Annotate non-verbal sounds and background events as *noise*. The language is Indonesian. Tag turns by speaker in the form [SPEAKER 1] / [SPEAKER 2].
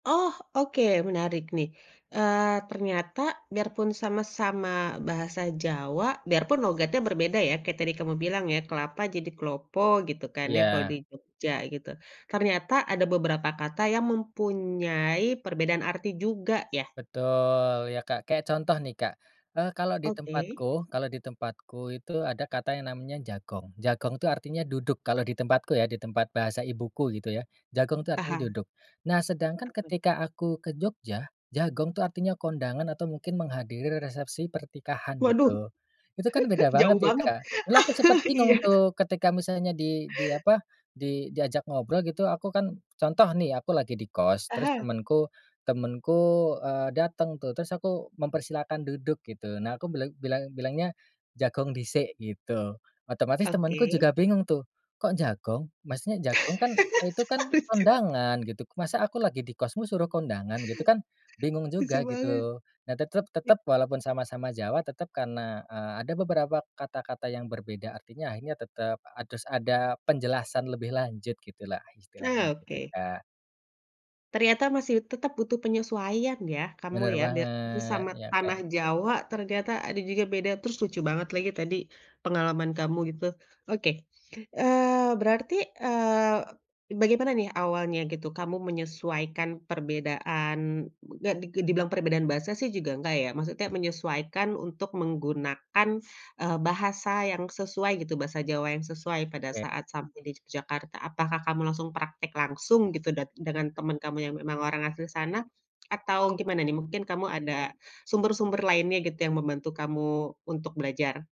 [SPEAKER 1] Oh oke menarik nih, eee, ternyata biarpun sama-sama bahasa Jawa, biarpun logatnya berbeda ya kayak tadi kamu bilang ya "kelapa" jadi "klopo" gitu kan ya kalau di
[SPEAKER 2] Ya.
[SPEAKER 1] Jogja gitu ternyata ada beberapa kata yang mempunyai perbedaan arti juga ya?
[SPEAKER 2] Betul, ya Kak, kayak contoh nih Kak, eee, kalau di
[SPEAKER 1] Oke.
[SPEAKER 2] tempatku kalau di tempatku itu ada kata yang namanya "jagong." "Jagong" itu artinya "duduk" kalau di tempatku ya, di tempat bahasa ibuku gitu ya "jagong" itu artinya
[SPEAKER 1] Paham.
[SPEAKER 2] "duduk." Nah sedangkan
[SPEAKER 1] *unintelligible*
[SPEAKER 2] ketika aku ke Jogja, "jagong" itu artinya kondangan, atau mungkin menghadiri resepsi pernikahan
[SPEAKER 1] Waduh,
[SPEAKER 2] gitu, itu kan
[SPEAKER 1] *chuckles*
[SPEAKER 2] beda
[SPEAKER 1] jauh
[SPEAKER 2] banget ya
[SPEAKER 1] banget
[SPEAKER 2] Kak, dulu aku sempet
[SPEAKER 1] *chuckles*
[SPEAKER 2] bingung
[SPEAKER 1] iya.
[SPEAKER 2] tuh ketika misalnya di di apa di diajak ngobrol gitu, aku kan contoh nih aku lagi di kos terus
[SPEAKER 1] Aha.
[SPEAKER 2] temenku temenku, eee, dateng tuh terus aku mempersilahkan duduk gitu, nah aku bilang bilang bilangnya, "Jagong disik," gitu, otomatis temanku
[SPEAKER 1] Oke.
[SPEAKER 2] juga bingung tuh, "Kok jagong? Maksudnya jagong kan itu kan
[SPEAKER 1] *laughs* Lucu.
[SPEAKER 2] kondangan," gitu, "Masa aku lagi di kosmu suruh kondangan?" gitu kan, bingung
[SPEAKER 1] Lucu
[SPEAKER 2] juga
[SPEAKER 1] banget.
[SPEAKER 2] gitu. Nah tetep
[SPEAKER 1] I
[SPEAKER 2] tetep walaupun sama-sama Jawa, tetap karena, eee, ada beberapa kata-kata yang berbeda artinya akhirnya tetap harus ada penjelasan lebih lanjut gitulah istilahnya,
[SPEAKER 1] Nah
[SPEAKER 2] gitu
[SPEAKER 1] oke.
[SPEAKER 2] Kak.
[SPEAKER 1] Ternyata masih tetap butuh penyesuaian ya kamu
[SPEAKER 2] Bener
[SPEAKER 1] ya, biarpun
[SPEAKER 2] banget
[SPEAKER 1] sesama
[SPEAKER 2] iya Kak.
[SPEAKER 1] tanah Jawa ternyata ada juga beda, terus lucu banget lagi tadi, pengalaman kamu gitu. Oke, eee, berarti, eee, bagaimana nih awalnya gitu kamu menyesuaikan perbedaan, gak di gak dibilang perbedaan bahasa sih juga enggak ya, maksudnya menyesuaikan untuk menggunakan, eee, bahasa yang sesuai gitu bahasa Jawa yang sesuai pada
[SPEAKER 2] Oke.
[SPEAKER 1] saat sampai di Yogyakarta, apakah kamu langsung praktek langsung gitu dat dengan teman kamu yang memang orang asli sana, atau gimana nih mungkin kamu ada sumber-sumber lainnya gitu yang membantu kamu untuk belajar?